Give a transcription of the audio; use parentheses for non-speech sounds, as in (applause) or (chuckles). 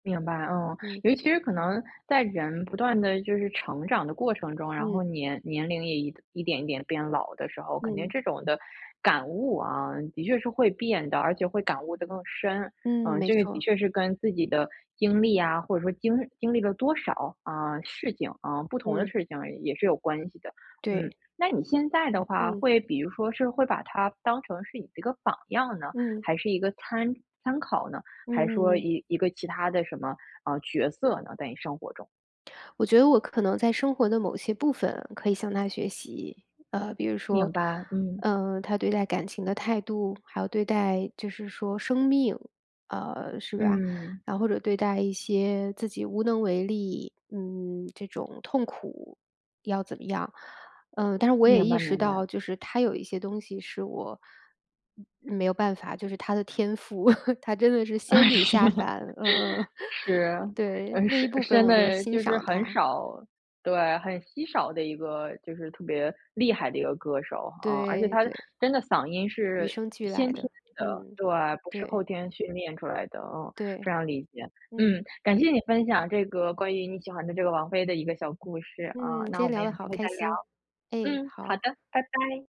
明白，哦。嗯。尤其是可能，在人不断地就是成长的过程中，然嗯。后年年龄也一一点一点变老的时候，肯定嗯。这种的感悟，啊，的确是会变的而且会感悟得更深。嗯，嗯，没这个的错。确是跟自己的经历啊，或者说经经历了多少，啊，事情，啊不同的嗯。事情也是有关系的。嗯，对。那你现在的话，嗯。会比如说是会把她当成是一个榜样呢，嗯。还是一个参参考呢？嗯还说嗯嗯。一一个其他的什么，呃，角色呢？在你生活中。我觉得，我可能在生活的某些部分，可以向她学习。呃，比如明说，白，嗯。呃，她对待感情的态度，还有对待就是说生命啊，是吧。嗯。啊，或者对待一些自己无能为力，嗯这种痛苦，要怎么样？嗯，但是我也明意白识明白。到，就是她有一些东西是我，嗯，没有办法就是她的天赋，(chuckles) 她真的是啊，仙女是。下 (chuckles) 凡，嗯嗯。(chuckles) 是，对，嗯，那一是部分现我就在欣就是赏很她。少对，很稀少的一个就是特别厉害的一个歌手，啊。而且对她对。真的嗓音与是生俱来先天的。的嗯，对，不是后对。天训练出来的，啊非对。常理解。嗯。嗯，感谢你分享这个关于你喜欢的这个王菲的一个小故事，嗯，啊。今那我天们聊有得机好会开再聊。心。哎，嗯，好的，好。拜拜。